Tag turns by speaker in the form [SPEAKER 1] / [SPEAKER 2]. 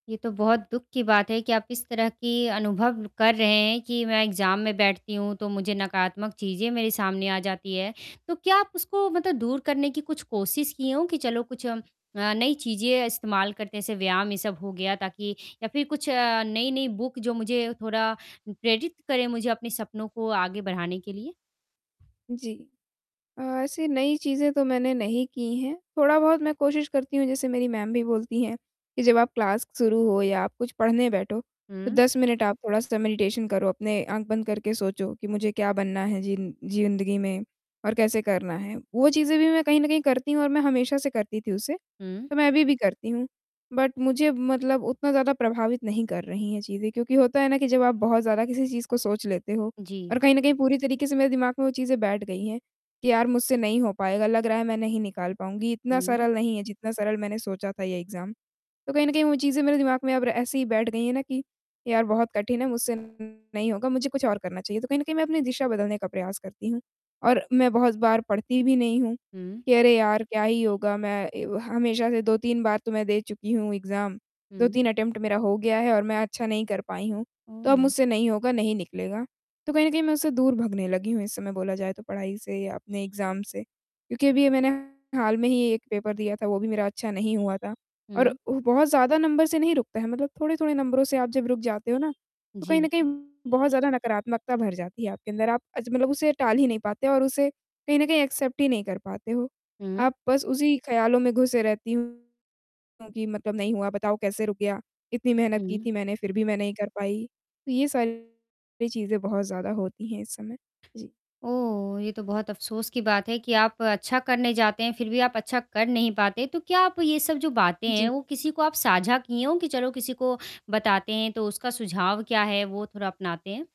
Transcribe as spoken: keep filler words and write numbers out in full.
[SPEAKER 1] ये तो बहुत दुख की बात है कि आप इस तरह की अनुभव कर रहे हैं, कि मैं एग्ज़ाम में बैठती हूँ, तो मुझे नकारात्मक चीज़ें मेरे सामने आ जाती हैं, तो क्या आप उसको मतलब दूर करने की कुछ कोशिश किए हो कि चलो, कुछ हम अ, नई चीज़ें इस्तेमाल करते हैं, जैसे व्यायाम, ये सब हो गया, ताकि या फिर अ, कुछ नई-नई बुक, जो मुझे थोड़ा अ, प्रेरित करें, मुझे अपने सपनों को आगे बढ़ाने के लिए।
[SPEAKER 2] जी। अ, ऐसी नई चीज़ें तो मैंने नहीं की हैं, थोड़ा-बहुत मैं कोशिश करती हूँ, जैसे मेरी मैम भी बोलती हैं कि, "जब आप क्लास शुरू हो, या आप कुछ पढ़ने बैठो, तो
[SPEAKER 1] हुँ।
[SPEAKER 2] दस मिनट आप थोड़ा-सा मेडिटेशन करो। अपने आँख बंद करके सोचो कि मुझे क्या बनना है, ज़िन् जिंदगी में, और कैसे करना है।" वो चीज़ें भी मैं कहीं न कहीं करती हूँ और मैं हमेशा से करती थी उसे,
[SPEAKER 1] हुँ।
[SPEAKER 2] तो मैं अभी भी करती हूँ। बट मुझे मतलब उतना ज़्यादा प्रभावित नहीं कर रही हैं चीज़ें, क्योंकि होता है ना कि जब आप बहुत ज़्यादा किसी चीज़ को सोच लेते हो,
[SPEAKER 1] जी।
[SPEAKER 2] और कहीं न कहीं, पूरी तरीके से मेरे दिमाग में वो चीज़ें बैठ गई हैं कि यार, मुझसे नहीं हो पाएगा, लग रहा है, मैं नहीं निकाल पाऊँगी। इतना
[SPEAKER 1] हुँ।
[SPEAKER 2] सरल नहीं है, जितना सरल मैंने सोचा था, ये एग्ज़ाम। तो कहीं न कहीं वो चीज़ें मेरे दिमाग में अब र ऐसे ही बैठ गई हैं ना कि, यार, बहुत कठिन है, मुझसे नहीं होगा, मुझे कुछ और करना चाहिए। तो कहीं न कहीं मैं अपनी दिशा बदलने का प्रयास करती हूँ, और मैं बहुत बार पढ़ती भी नहीं हूँ
[SPEAKER 1] हुँ।
[SPEAKER 2] कि, "अरे! यार, क्या ही होगा? मैं ए व हमेशा से दो तीन बार तो मैं दे चुकी हूँ एग्ज़ाम। दो
[SPEAKER 1] हुँ।
[SPEAKER 2] तीन अटेम्प्ट मेरा हो गया है और मैं अच्छा नहीं कर पाई हूँ, तो अब
[SPEAKER 1] हुँ।
[SPEAKER 2] मुझसे नहीं होगा, नहीं निकलेगा।" तो कहीं न कहीं, मैं उससे दूर भागने लगी हूँ, इस समय बोला जाए, तो पढ़ाई से या अपने एग्ज़ाम से। क्योंकि अभी ये मैंने हाल में ही एक पेपर दिया था, वो भी मेरा अच्छा नहीं हुआ था, और
[SPEAKER 1] हुँ।
[SPEAKER 2] उ बहुत ज़्यादा नंबर से नहीं रुकता है। मतलब थोड़े-थोड़े नंबरों से आप जब रुक जाते हो ना, तो कहीं
[SPEAKER 1] जी।
[SPEAKER 2] न कहीं बहुत ज़्यादा नकारात्मकता भर जाती है आपके अंदर। आप अज मतलब उसे टाल ही नहीं पाते और उसे कहीं न कहीं एक्सेप्ट ही नहीं कर पाते हो,
[SPEAKER 1] हुँ।
[SPEAKER 2] आप बस उसी ख़्याल में घुसे रहती हूँ कि, मतलब नहीं हुआ, बताओ कैसे रुक गया? इतनी मेहनत की
[SPEAKER 1] हुँ।
[SPEAKER 2] थी मैंने, फिर भी मैं नहीं कर पाई। तो ये सारी चीज़ें बहुत ज़्यादा होती हैं इस समय। जी।
[SPEAKER 1] ओह! ये तो बहुत अफ़सोस की बात है कि आप अच्छा करने जाते हैं, फिर भी आप अच्छा कर नहीं पाते, तो क्या आप ये सब जो बातें हैं,
[SPEAKER 2] जी।
[SPEAKER 1] वो किसी को आप साझा की होए कि, "चलो, किसी को बताते हैं, तो उसका सुझाव क्या है? वो थोड़ा अपनाते हैं।"